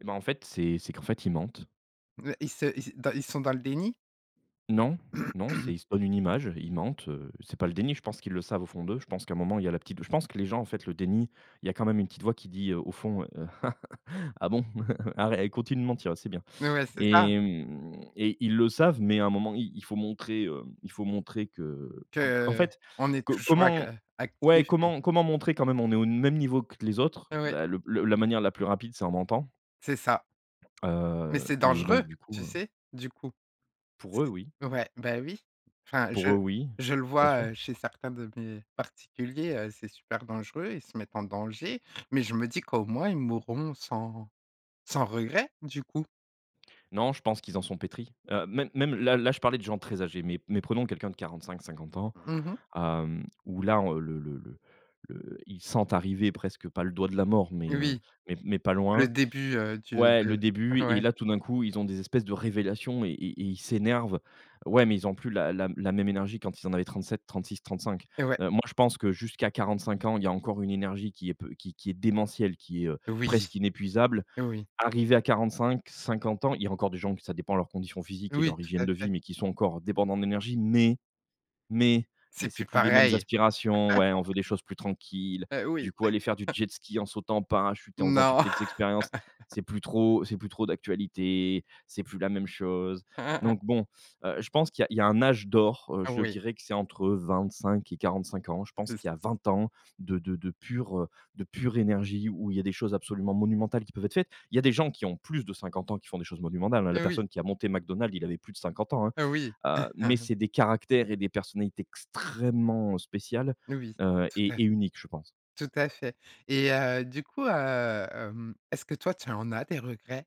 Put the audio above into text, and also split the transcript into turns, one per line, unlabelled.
Et bah, en fait, c'est c'est qu'en fait, ils mentent.
Ils se ils s ils sont dans le déni?
Non. Non, c'est ils se donnent une image, ils mentent, heu, c'est pas le déni, je pense qu'ils le savent au fond d'eux, je pense qu'à un moment il y la petite je pense que les gens, en fait, le déni, il y a quand même une petite voix qui dit: «Ah bon? Arrê continue de mentir, c'est bien»
Ouais, c'est ça!
et mmh et ils le savent mais à un moment, il il faut montrer, heu, il faut montrer que qu qu'en fait
Qu'on est
co
toujours ac
comment,
heu,
ouais,
actif et
comment comment montrer quand même on est au même niveau que les autres,
Ouais.
bah, le la manière la plus rapide c'est en mentant
C'est ça mais
heu
c'est
et donc,
dangereux,
du coup,
tu
heu
sais, du coup,
Pour eux, oui
c ouais, bah oui, enfin, je
pour eux, oui.
je le
Bien sûr.
vois chez certains de mes particuliers, heu, c'est super dangereux, ils se mettent en danger mais je me dis qu'au moins ils mourront sans sans regret, du coup.
Non, je pense qu'ils en sont pétris, heu, même même là, là, je parlais de gens très âgés mais mais prenons quelqu'un de 45-50 ans,
Mmh mh.
hem, où là, heu, le le le le ils sentent arriver presque pas le doigt de la mort, mais heu,
Oui.
mais pas
Le
loin.
début du
Ouais, le
de
début et
ouais.
là tout d'un coup, ils ont des espèces de révélations et et ils s'énervent ouais, mais ils ont plus la la même énergie quand ils en avaient 37, 36, 35,
Ouais.
heu, moi, je pense que jusqu'à 45 ans, il y a encore une énergie qui est peu qui qui est démentielle, qui est, heu,
Oui,
presque inépuisable.
oui.
Arrivé à 45-50 ans, il y a encore des gens que ça dépend de leur condition physique et
Oui,
leur
tout
hygiène
à
de vie
fait.
mais qui sont encore débordants d'énergie mais mais il y
C'est
a c'est
plus
plus les mêmes
pareil.
aspirations, ouais, on veut des choses plus tranquilles,
Heu, oui.
du coup, aller faire du jet ski en sautant en parachute et en faisant toutes
Non.
les expériences, c'est plus trop c'est plus trop d'actualité, c'est plus la même chose
Hein, hein, hein.
donc bon, heu, je pense qu'il y a il y a un âge d'or,
Ah
je
oui.
dirais que c'est entre 25 et 45 ans, je pense
C'est ça.
qu'il y a 20 ans de de de pure de pure énergie où il y a des choses absolument monumentales qui peuvent être faites. Il y a des gens qui ont plus de 50 ans qui font des choses monumentales, hein, la
Heu, oui.
personne qui a monté McDonald's, il avait plus de 50 ans, hein,
Heu, oui.
heu mais c'est des caractères et des personnalités extrêmement*, heu, spéciales,
Oui,
heu
tout à fait,
et et uniques, je pense.
tout à fait et heu, du coup, hem, est-ce que toi, tu en as des regrets?